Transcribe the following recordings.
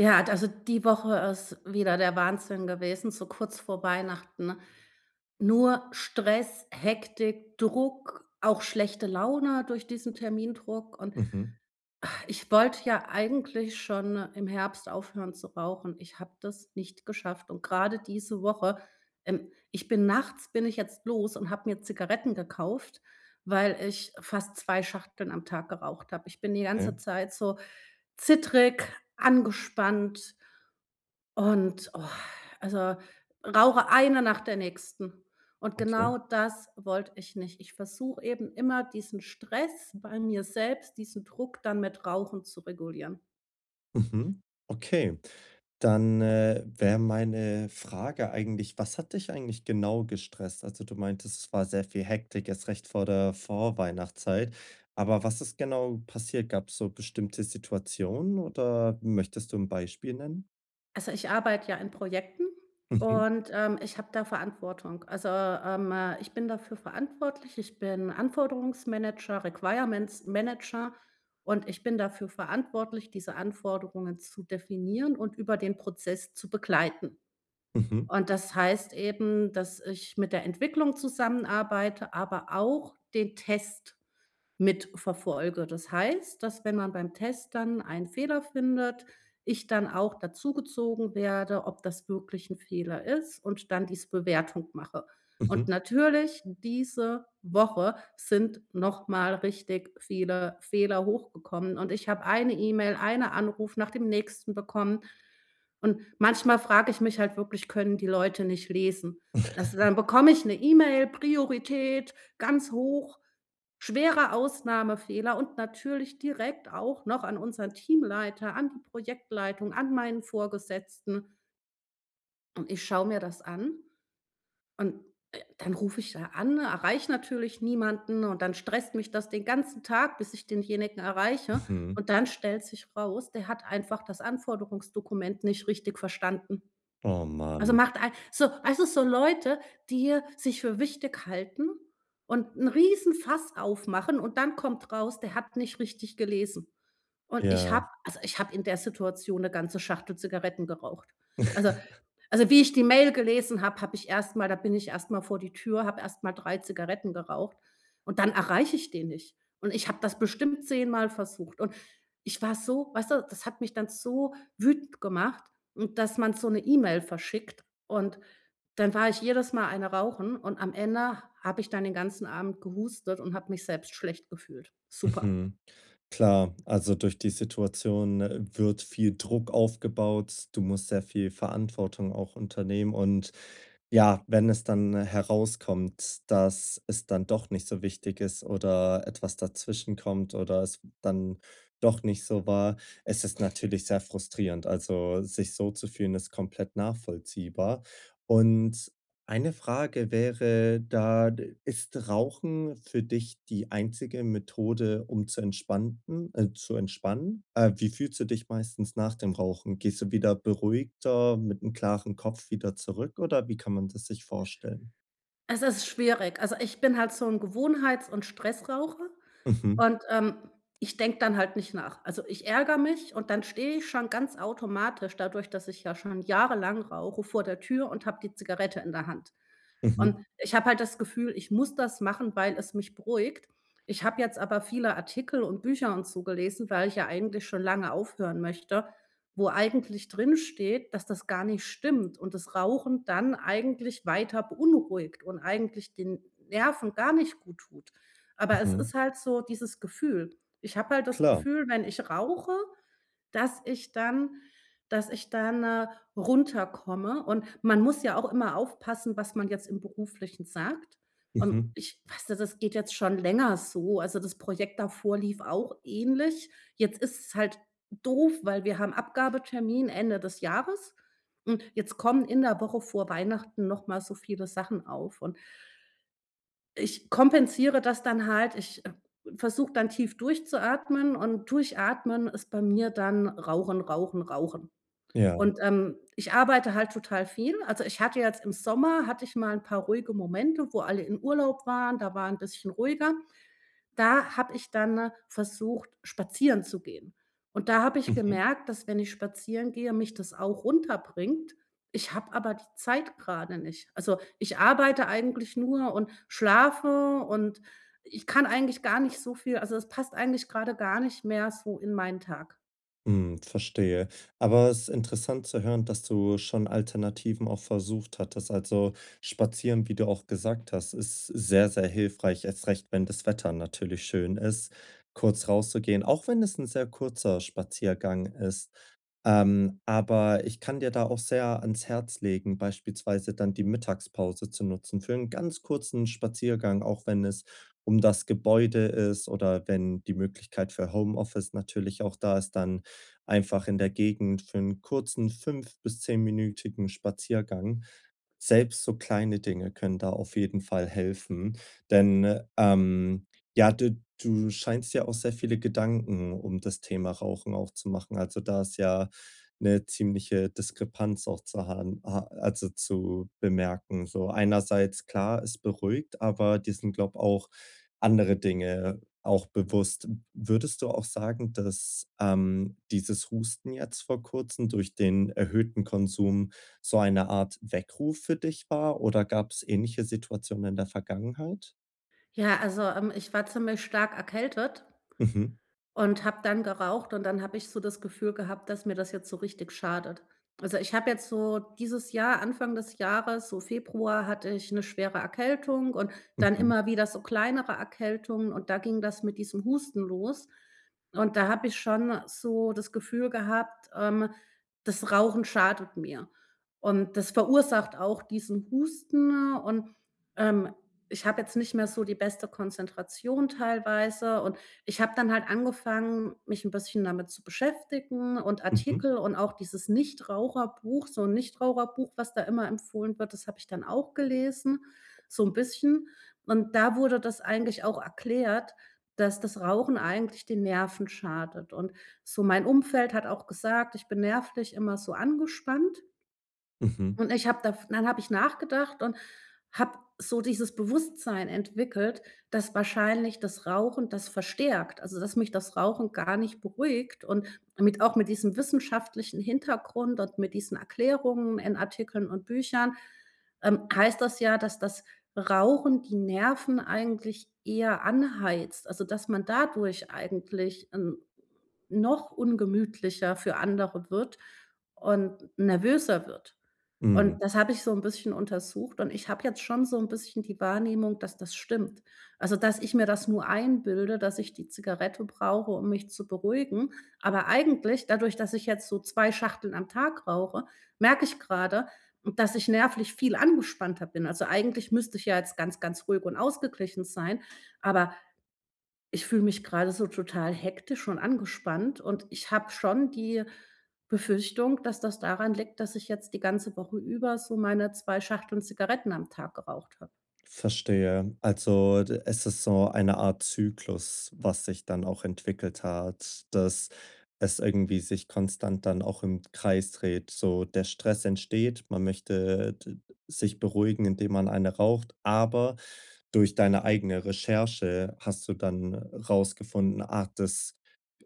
Ja, d also die Woche ist wieder der Wahnsinn gewesen, so kurz vor Weihnachten, nur Stress, Hektik, Druck, auch schlechte Laune durch diesen Termindruck. Und, Mhm. ah, ich wollte ja eigentlich schon im Herbst aufhören zu rauchen. Ich habe das nicht geschafft und grade diese Woche, ähm, ich bin nachts bin ich jetzt los und habe mir Zigaretten gekauft, weil ich fast 2 Schachteln am Tag geraucht habe. Ich bin die ganze Okay. Zeit so zittrig, angespannt und, oh also, rauche eine nach der nächsten. Und Okay. genau das wollte ich nicht. Ich versuche eben immer, diesen Stress bei mir selbst, diesen Druck, dann mit Rauchen zu regulieren. Mhm, okay. Dann, äh, wäre meine Frage eigentlich: „Was hat dich eigentlich genau gestresst?“ Also, du meintest, es war sehr viel Hektik erst recht vor der Vorweihnachtszeit, aber was ist genau passiert? Gab's so bestimmte Situationen oder möchtest du 'n Beispiel nennen? Also, ich arbeite ja in Projekten Mhm. und, ähm, ich habe da Verantwortung. Also, ähm, ich bin dafür verantwortlich. Ich bin Anforderungsmanager, Requirements-Manager, und ich bin dafür verantwortlich, diese Anforderungen zu definieren und über den Prozess zu begleiten. Mhm. Und das heißt eben, dass ich mit der Entwicklung zusammenarbeite, aber auch den Test mit verfolge. Das heißt, dass wenn man beim Test dann einen Fehler findet, ich dann auch dazugezogen werde, ob das wirklich 'n Fehler ist und dann diese Bewertung mache. Und, Mhm. natürlich, diese Woche sind noch mal richtig viele Fehler hochgekommen, und ich habe eine E-Mail, eine Anruf nach dem nächsten bekommen. Und manchmal frage ich mich halt wirklich: Können die Leute nicht lesen? Also dann bekomme ich 'ne E-Mail, Priorität ganz hoch, „schwerer Ausnahmefehler“ und natürlich direkt auch noch an unseren Teamleiter, an die Projektleitung, an meinen Vorgesetzten. Und ich schaue mir das an und, äh, dann ruf ich da an, erreiche natürlich niemanden und dann stresst mich das den ganzen Tag, bis ich denjenigen erreiche. Mhm. Und dann stellt sich raus, der hat einfach das Anforderungsdokument nicht richtig verstanden. Oh Also man. macht ei so also, so Leute, die sich für wichtig halten und 'n Riesenfass aufmachen und dann kommt raus, der hat nicht richtig gelesen. Und ich habe Ja. also, ich habe in der Situation 'ne ganze Schachtel Zigaretten geraucht. Also also wie ich die Mail gelesen habe, habe ich erst mal da bin ich erst mal vor die Tür, habe erst mal 3 Zigaretten geraucht und dann erreiche ich den nicht. Und ich habe das bestimmt zehnmal versucht. Und ich war so weißt du, das hat mich dann so wütend gemacht und, dass man so 'ne E-Mail verschickt. Und dann war ich jedes Mal eine rauchen und am Ende habe ich dann den ganzen Abend gehustet und habe mich selbst schlecht gefühlt. Super. Mhm. Klar, also, durch die Situation, äh, wird viel Druck aufgebaut. Du musst sehr viel Verantwortung auch unternehmen und ja, wenn es dann herauskommt, dass es dann doch nicht so wichtig ist, oder etwas dazwischen kommt oder es dann doch nicht so war es ist natürlich sehr frustrierend. Also, sich so zu fühlen, ist komplett nachvollziehbar. Und eine Frage wäre da, ist Rauchen für dich die einzige Methode, um zu entspannten äh, zu entspannen? Äh, wie fühlst du dich meistens nach dem Rauchen? Gehst du wieder beruhigter, mit 'nem klaren Kopf wieder zurück oder wie kann man das sich vorstellen? Es ist schwierig. Also, ich bin halt so 'n Gewohnheits und Stressraucher Mhm. und, ähm, ich denke dann halt nicht nach. Also, ich ärgere mich und dann stehe ich schon ganz automatisch dadurch, dass ich ja schon jahrelang rauche vor der Tür und habe die Zigarette in der Hand. Mhm. Und ich habe halt das Gefühl, ich muss das machen, weil es mich beruhigt. Ich habe jetzt aber viele Artikel und Bücher und so gelesen, weil ich ja eigentlich schon lange aufhören möchte, wo eigentlich drinsteht, dass das gar nicht stimmt und das Rauchen dann eigentlich weiter beunruhigt und eigentlich den Nerven gar nicht gut tut. Aber es Mhm. ist halt so dieses Gefühl. Ich habe halt das Klar. Gefühl, wenn ich rauche, dass ich dann dass ich dann, äh, runterkomme. Und man muss ja auch immer aufpassen, was man jetzt im Beruflichen sagt. Und Mhm. ich weißte, das geht jetzt schon länger so. Also, das Projekt davor lief auch ähnlich. Jetzt ist es halt doof, weil wir haben Abgabetermin Ende des Jahres. Hm, jetzt kommen in der Woche vor Weihnachten noch mal so viele Sachen auf. Und ich kompensiere das dann halt. Ich, äh, versuche dann tief durchzuatmen und durchatmen ist bei mir dann rauchen, rauchen, rauchen. Ja. Und, ähm, ich arbeite halt total viel. Also, ich hatte jetzt im Sommer, hatte ich mal 'n paar ruhige Momente, wo alle in Urlaub waren, da war 'n bisschen ruhiger. Da habe ich dann, äh, versucht, spazieren zu gehen. Und da habe ich Mhm. gemerkt, dass wenn ich spazieren gehe, mich das auch runterbringt. Ich habe aber die Zeit gerade nicht. Also, ich arbeite eigentlich nur und schlafe und ich kann eigentlich gar nicht so viel also, es passt eigentlich gerade gar nicht mehr so in meinen Tag. Hm. Verstehe, aber es ist interessant zu hören, dass du schon Alternativen auch versucht hattest. Also, spazieren, wie du auch gesagt hast, ist sehr, sehr hilfreich, erst recht, wenn das Wetter natürlich schön ist, kurz rauszugehen, auch wenn es 'n sehr kurzer Spaziergang ist. Ähm, aber ich kann dir da auch sehr ans Herz legen, beispielsweise dann die Mittagspause zu nutzen für 'n ganz kurzen Spaziergang, auch wenn es um das Gebäude ist, oder wenn die Möglichkeit für Homeoffice natürlich auch da ist, dann einfach in der Gegend für 'n kurzen fünf bis zehnminütigen Spaziergang. Selbst so kleine Dinge können da auf jeden Fall helfen, denn, ähm, ja, du du scheinst dir auch sehr viele Gedanken um das Thema Rauchen auch zu machen. Also, da ist ja 'ne ziemliche Diskrepanz, auch zu haben a also zu bemerken. So einerseits klar, es beruhigt, aber dir sind glaube auch andere Dinge auch bewusst. Würdest du auch sagen, dass, ähm, dieses Husten jetzt vor Kurzem durch den erhöhten Konsum so eine Art Weckruf für dich war oder gab's ähnliche Situationen in der Vergangenheit? Ja, also, ähm, ich war ziemlich stark erkältet Mhm. und habe dann geraucht und dann habe ich so das Gefühl gehabt, dass mir das jetzt so richtig schadet. Also, ich habe jetzt so dieses Jahr Anfang des Jahres, so Februar, hatte ich 'ne schwere Erkältung und dann Mhm. immer wieder so kleinere Erkältungen, und da ging das mit diesem Husten los. Und da habe ich schon so das Gefühl gehabt, ähm: Das Rauchen schadet mir. Und das verursacht auch diesen Husten und, ähm, ich habe jetzt nicht mehr so die beste Konzentration teilweise, und ich habe dann halt angefangen, mich 'n bisschen damit zu beschäftigen und Mhm. Artikel und auch dieses Nichtraucherbuch, so 'n Nichtraucherbuch, was da immer empfohlen wird, das habe ich dann auch gelesen so 'n bisschen. Und da wurde das eigentlich auch erklärt, dass das Rauchen eigentlich den Nerven schadet. Und so mein Umfeld hat auch gesagt, ich bin nervlich immer so angespannt. Mhm. Und ich habe daf dann habe ich nachgedacht und habe so dieses Bewusstsein entwickelt, dass wahrscheinlich das Rauchen das verstärkt, also dass mich das Rauchen gar nicht beruhigt. Und mit auch mit diesem wissenschaftlichen Hintergrund und mit diesen Erklärungen in Artikeln und Büchern, ähm heißt das ja, dass das Rauchen die Nerven eigentlich eher anheizt, also dass man dadurch eigentlich n noch ungemütlicher für andere wird und nervöser wird. Mhm. Und das habe ich so 'n bisschen untersucht, und ich habe jetzt schon so 'n bisschen die Wahrnehmung, dass das stimmt, also dass ich mir das nur einbilde, dass ich die Zigarette brauche, um mich zu beruhigen. Aber eigentlich dadurch, dass ich jetzt so 2 Schachteln am Tag rauche, merke ich gerade, dass ich nervlich viel angespannter bin. Also, eigentlich müsste ich ja jetzt ganz, ganz ruhig und ausgeglichen sein, aber ich fühle mich gerade so total hektisch und angespannt, und ich habe schon die Befürchtung, dass das daran liegt, dass ich jetzt die ganze Woche über so meine 2 Schachteln Zigaretten am Tag geraucht habe. Verstehe, also d es ist so eine Art Zyklus, was sich dann auch entwickelt hat, dass es irgendwie sich konstant dann auch im Kreis dreht. So, der Stress entsteht, man möchte d sich beruhigen, indem man eine raucht, aber durch deine eigene Recherche hast du dann rausgefunden, ah, das,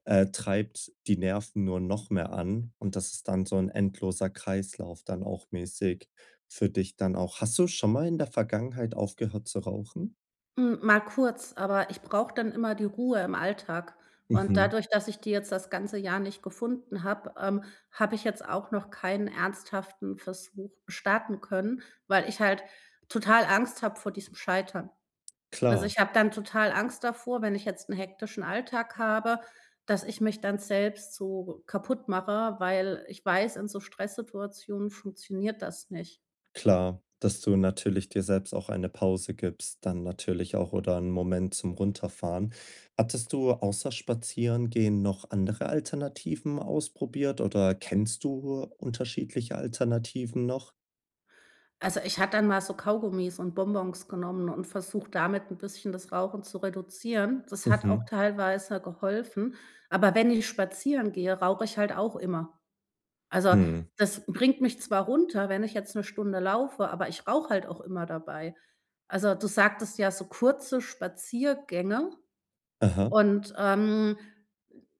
äh, treibt die Nerven nur noch mehr an, und das ist dann so 'n endloser Kreislauf dann auch mäßig für dich dann auch. Hast du schon mal in der Vergangenheit aufgehört zu rauchen? Hm, mal kurz, aber ich brauche dann immer die Ruhe im Alltag. Und Mhm. dadurch, dass ich die jetzt das ganze Jahr nicht gefunden habe, ähm, habe ich jetzt auch noch keinen ernsthaften Versuch starten können, weil ich halt total Angst habe vor diesem Scheitern. Also, Klar. ich habe dann total Angst davor, wenn ich jetzt 'n hektischen Alltag habe, dass ich mich dann selbst so kaputtmache, weil ich weiß, in so Stresssituationen funktioniert das nicht. Klar, dass du natürlich dir selbst auch eine Pause gibst, dann natürlich auch, oder 'nen Moment zum Runterfahren. Hattest du außer Spazierengehen noch andere Alternativen ausprobiert, oder kennst du unterschiedliche Alternativen noch? Also, ich hatte dann mal so Kaugummis und Bonbons genommen und versucht, damit 'n bisschen das Rauchen zu reduzieren. Das hat auch Mhm. teilweise geholfen, aber wenn ich spazieren gehe, rauche ich halt auch immer. Also, Mhm. das bringt mich zwar runter, wenn ich jetzt 'ne Stunde laufe, aber ich rauche halt auch immer dabei. Also, du sagtest ja so kurze Spaziergänge. Aha. Und, ähm,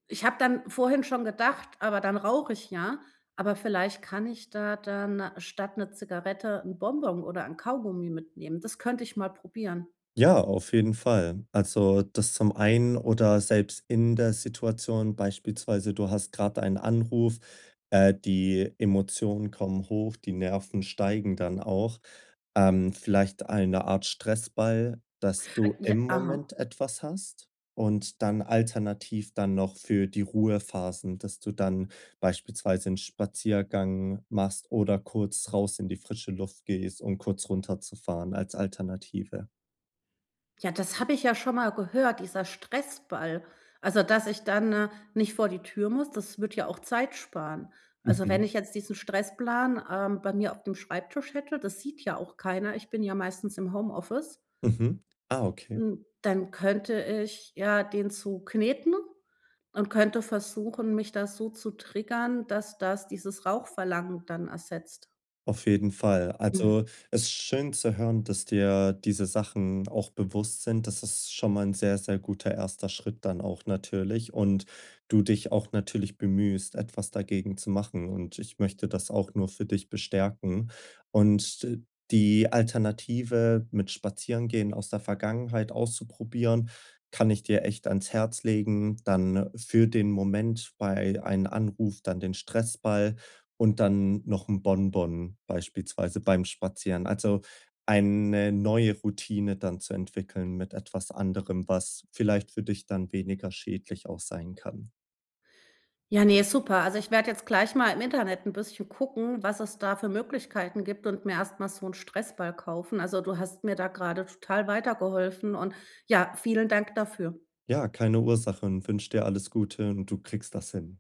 ich habe dann vorhin schon gedacht: „Aber dann rauche ich ja“, aber vielleicht kann ich da dann statt 'ne Zigarette 'n Bonbon oder 'n Kaugummi mitnehmen. Das könnte ich mal probieren. Ja, auf jeden Fall. Also, das zum einen oder selbst in der Situation, beispielsweise, du hast gerade einen Anruf, äh, die Emotionen kommen hoch, die Nerven steigen dann auch. Ähm, vielleicht eine Art Stressball, dass du Ja. im Aha. Moment etwas hast und dann alternativ dann noch für die Ruhephasen, dass du dann beispielsweise 'n Spaziergang machst oder kurz raus in die frische Luft gehst, um kurz runterzufahren als Alternative. Ja, das habe ich ja schon mal gehört, dieser Stressball also, dass ich dann nicht vor die Tür muss, das würde ja auch Zeit sparen. Also, wenn Mhm. ich jetzt diesen Stressplan, ähm, bei mir auf dem Schreibtisch hätte das sieht ja auch keiner, ich bin ja meistens im Homeoffice. Mhm. Ah, okay. Hm, dann könnte ich ja den zukneten und könnte versuchen, mich da so zu triggern, dass das dieses Rauchverlangen dann ersetzt. Auf jeden Fall. Mhm. Also, es ist schön zu hören, dass dir diese Sachen auch bewusst sind. Das ist schon mal 'n sehr, sehr guter erster Schritt dann auch natürlich und du dich auch natürlich bemühst, etwas dagegen zu machen, und ich möchte das auch nur für dich bestärken. Und d die Alternative mit Spazierengehen aus der Vergangenheit auszuprobieren, kann ich dir echt ans Herz legen, dann für den Moment bei einen Anruf dann den Stressball, und dann noch 'n Bonbon beispielsweise beim Spazieren. Also, eine neue Routine dann zu entwickeln mit etwas anderem, was vielleicht für dich dann weniger schädlich auch sein kann. Ja, ne, super. Also, ich werde jetzt gleich mal im Internet 'n bisschen gucken, was es da für Möglichkeiten gibt und mir erstmal so 'n Stressball kaufen. Also, du hast mir da gerade total weitergeholfen, und, ja, vielen Dank dafür. Ja, keine Ursachen, und wünsche dir alles Gute, und du kriegst das hin.